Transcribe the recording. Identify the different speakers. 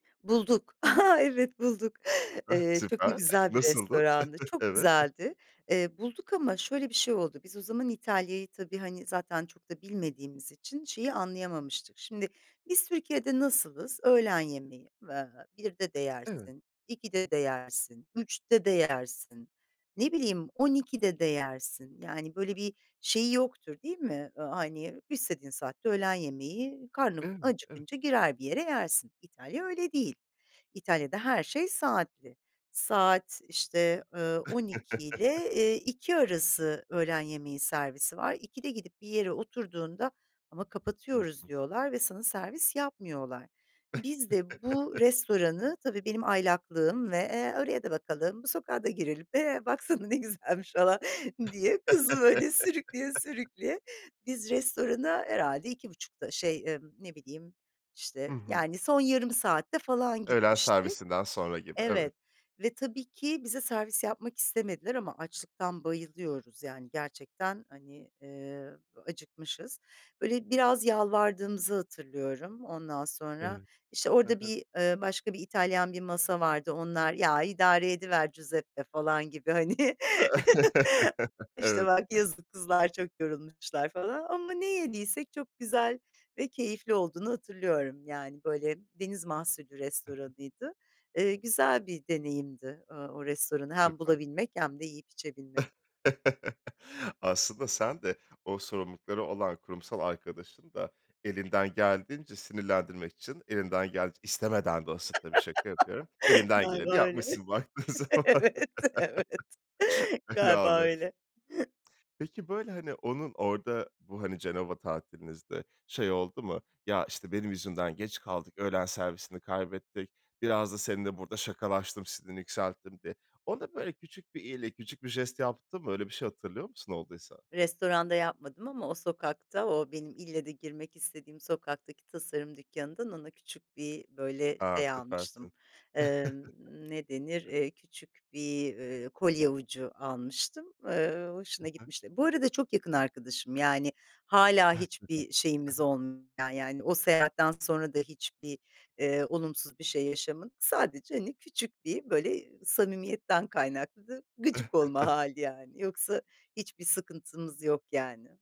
Speaker 1: Bulduk, aha, evet bulduk.
Speaker 2: Ah
Speaker 1: Eee çok
Speaker 2: süper,
Speaker 1: da
Speaker 2: ah
Speaker 1: güzel bir
Speaker 2: nasıldı?
Speaker 1: restorandı, çok
Speaker 2: Evet.
Speaker 1: güzeldi. Eee, bulduk ama şöyle bir şey oldu, biz o zaman İtalya'yı tabii, hani, zaten çok da bilmediğimiz için şeyi anlayamamıştık. Şimdi biz Türkiye'de nasılız? Öğlen yemeği, eee, 1'de de
Speaker 2: Evet.
Speaker 1: yersin, 2'de de yersin, 3'te de yersin, ne bileyim 12'de de yersin. Yani, böyle bir şeyi yoktur değil mi? Iıı, hani, istediğin saatte de öğlen yemeği, karnın
Speaker 2: Evet, evet.
Speaker 1: acıkınca girer bir yere yersin. İtalya öyle değil. İtalya'da her şey saatli. Saat, işte, ııı, 12 ile, eee, 2 arası öğlen yemeği servisi var. 2'de gidip bir yere oturduğunda ama
Speaker 2: Hı
Speaker 1: kapatıyoruz
Speaker 2: hı.
Speaker 1: diyorlar ve sana servis yapmıyorlar. Biz de bu restoranı, tabii benim aylaklığım, ve, eee, oraya da bakalım, bu sokağa da girelim, eee, baksana ne güzelmiş falan diye kızı, böyle, sürükleye sürükleye. Biz restorana herhâlde 2.30'da şey, ımm, ne bileyim,
Speaker 2: Hı
Speaker 1: işte,
Speaker 2: hı.
Speaker 1: yani, son yarım saatte falan
Speaker 2: Öğlen
Speaker 1: gitmiştik.
Speaker 2: servisinden sonra gibi, evet.
Speaker 1: Evet ve tabii ki bize servis yapmak istemediler ama açlıktan bayılıyoruz, yani, gerçekten, hani, eee, acıkmışız. Böyle, biraz yalvardığımızı hatırlıyorum. Ondan sonra,
Speaker 2: Evet.
Speaker 1: işte,
Speaker 2: Ha
Speaker 1: orada
Speaker 2: ha.
Speaker 1: bir, eee, başka bir İtalyan bir masa vardı onlar, "Ya, idare ediver Giuseppe." falan gibi, hani, "İşte,
Speaker 2: Evet.
Speaker 1: bak yazık, kızlar çok yorulmuşlar." falan ama ne yediysek çok güzel ve keyifli olduğunu hatırlıyorum, yani, böyle, deniz mahsulü
Speaker 2: Hı hı.
Speaker 1: restoranıydı. Eee, güzel bir deneyimdi, ııı, o restoranı hem
Speaker 2: Süper.
Speaker 1: bulabilmek hem de yiyip içebilmek.
Speaker 2: Aslında sen de o sorumlulukları olan kurumsal arkadaşını da elinden geldiğince, sinirlendirmek için, elinden geldiğin istemeden de olsa, tabii şaka yapıyorum, elinden geleni
Speaker 1: Galiba öyle.
Speaker 2: yapmışsın baktığın zaman.
Speaker 1: Evet, evet, galiba
Speaker 2: [unintelligible]
Speaker 1: öyle.
Speaker 2: Peki, böyle, hani, onun orada bu, hani, Cenova tatilinizde şey oldu mu? "Ya, işte benim yüzümden geç kaldık, öğlen servisini kaybettik, biraz da seninle burada şakalaştım, sinirini yükselttim." diye. Ona böyle küçük bir iyilik, küçük bir jest yaptın mı? Öyle bir şey hatırlıyor musun, olduysa?
Speaker 1: Restoranda yapmadım ama o sokakta, o benim ille de girmek istediğim sokaktaki tasarım dükkânından ona küçük bir böyle
Speaker 2: A,
Speaker 1: şey
Speaker 2: süpersin.
Speaker 1: almıştım, emm, ne denir, eee, küçük bir, eee, kolye ucu almıştım. Eee,
Speaker 2: Ha
Speaker 1: hoşuna
Speaker 2: ha.
Speaker 1: gitmişti. Bu arada çok yakın arkadaşım, yani,
Speaker 2: [unintelligible]
Speaker 1: hâlâ
Speaker 2: Ha
Speaker 1: hiçbir şeyimiz
Speaker 2: ha.
Speaker 1: [unintelligible] yani, o seyahatten sonra da hiçbir, eee, olumsuz bir şey yaşamadık, sadece, hani, küçük bir, böyle, samimiyetten kaynaklı gıcık olma hâli, yani. Yoksa hiçbir sıkıntımız yok, yani.